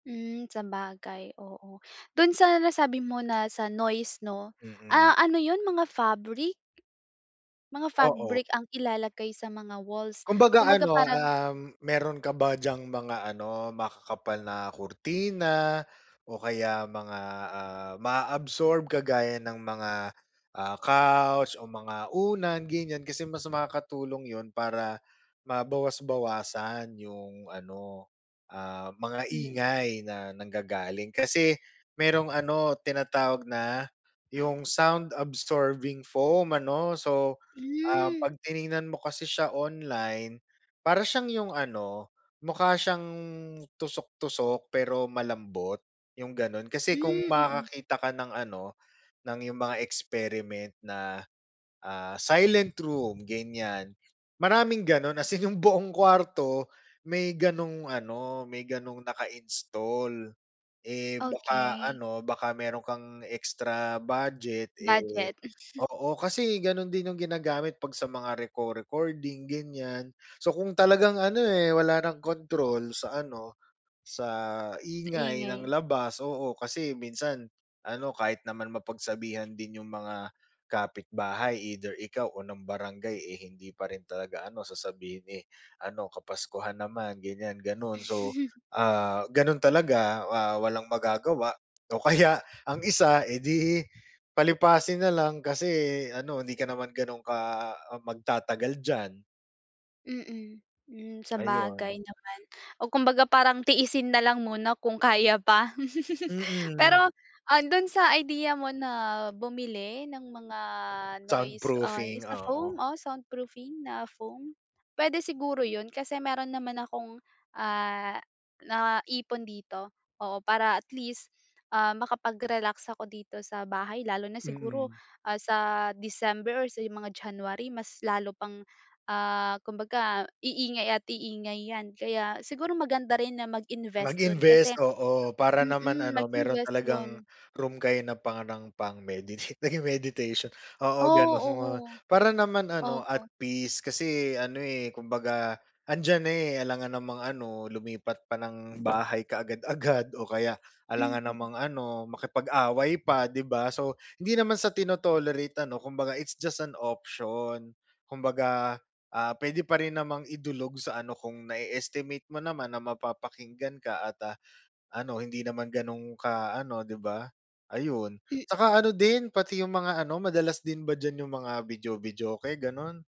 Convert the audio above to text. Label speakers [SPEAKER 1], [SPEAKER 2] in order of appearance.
[SPEAKER 1] Hmm, sabagay, oo. Do'n sa nasabi mo na sa noise 'no, ah,
[SPEAKER 2] Mm.
[SPEAKER 1] ano yun mga fabric? Mga
[SPEAKER 2] Oo.
[SPEAKER 1] fabric ang ilalagay sa mga walls,
[SPEAKER 2] Kumbaga
[SPEAKER 1] kumbaga
[SPEAKER 2] ano,
[SPEAKER 1] parang
[SPEAKER 2] um, mayro'n ka ba diyang mga ano, makakapal na kurtina o kaya mga, ah, maa-absorb kagaya ng mga, ah, couch o mga unan ganyan kasi mas makakatulong yun para, mabawas-bawasan yung ano, ah, mga
[SPEAKER 1] Hmm.
[SPEAKER 2] ingay na nanggagaling. Kasi mayrong ano tinatawag na, yung sound absorbing foam ano so, ah,
[SPEAKER 1] Hmm.
[SPEAKER 2] pag tiningnan mo kasi siya online, para siyang yung ano mukha siyang tusok-tusok pero malambot, yung gano'n. Kasi kung
[SPEAKER 1] Hmm, mm.
[SPEAKER 2] makakakita ka ng ano, ng yung mga experiment na, ah, silent room ganyan, maraming gano'n as in yung buong kuwarto may ganong ano, may ganong naka-install. Eh, baka
[SPEAKER 1] Okey.
[SPEAKER 2] ano baka mayro'n kang extra budget, eh,
[SPEAKER 1] Budget.
[SPEAKER 2] oo kasi gano'n din yung ginagamit 'pag sa mga reco-recording ganyan. So kung talagang ano, eh, wala ng kontrol sa ano, sa
[SPEAKER 1] Sa
[SPEAKER 2] ingay ng
[SPEAKER 1] ingay.
[SPEAKER 2] labas, oo, kasi minsan ano kahit naman mapagsabihan din yung mga, kapitbahay either ikaw o ng barangay, eh, hindi pa rin talaga ano sasabihin, eh, ano kapaskuhan naman ganyan gano'n. So, ah, gano'n talaga, ah, walang magagawa, o kaya ang isa eh, 'di palipasin na lang kasi ano hindi ka naman gano'n ka, ah, magtatagal diyan.
[SPEAKER 1] Mm, hmm
[SPEAKER 2] Ayun.
[SPEAKER 1] sabagay naman o kumbaga parang tiisin na lang muna kung kaya pa.
[SPEAKER 2] Mm.
[SPEAKER 1] Pero, ah, do'n sa ideya mo na bumili ng mga noise, ah,
[SPEAKER 2] Soundproofing,
[SPEAKER 1] yung sa foam,
[SPEAKER 2] oo.
[SPEAKER 1] o soundproofing na foam, puwede siguro yun kasi mayro'n naman akong, ah, naipon dito, oo, para at least, ah, makapag-relax ako dito sa bahay lalo na siguro,
[SPEAKER 2] Mm.
[SPEAKER 1] ah, sa december or sa mga january mas lalo pang, ah, kumbaga iingay at iingay 'yan. Kaya siguro maganda rin na mag-invest do'n kasi
[SPEAKER 2] Mag-invest, oo para naman
[SPEAKER 1] Mm,
[SPEAKER 2] ano mayro'n
[SPEAKER 1] mag-invest
[SPEAKER 2] talagang
[SPEAKER 1] do'n.
[SPEAKER 2] room kayo na parang pang meditate, naging meditation, oo, gano'n.
[SPEAKER 1] Oo.
[SPEAKER 2] Para naman ano,
[SPEAKER 1] Oo.
[SPEAKER 2] at peace kasi ano, eh, kumbaga andiyan na, eh, alangan namang ano lumipat pa ng bahay kaagad-agad o kaya alangan
[SPEAKER 1] Mm.
[SPEAKER 2] namang ano makipag-away pa, 'di ba. So hindi naman sa tino-tolerate ano kumbaga it's just an option, kumbaga, ah, puwede pa rin namang idulog sa ano kung na-e-estimate mo naman na mapapakinggan ka at ah, ano hindi naman gano'n ka ano 'di ba. Ayun,
[SPEAKER 1] M
[SPEAKER 2] tsaka ano din pati yung mga ano madalas din ba diyan yung mga video-videoke? Gano'n.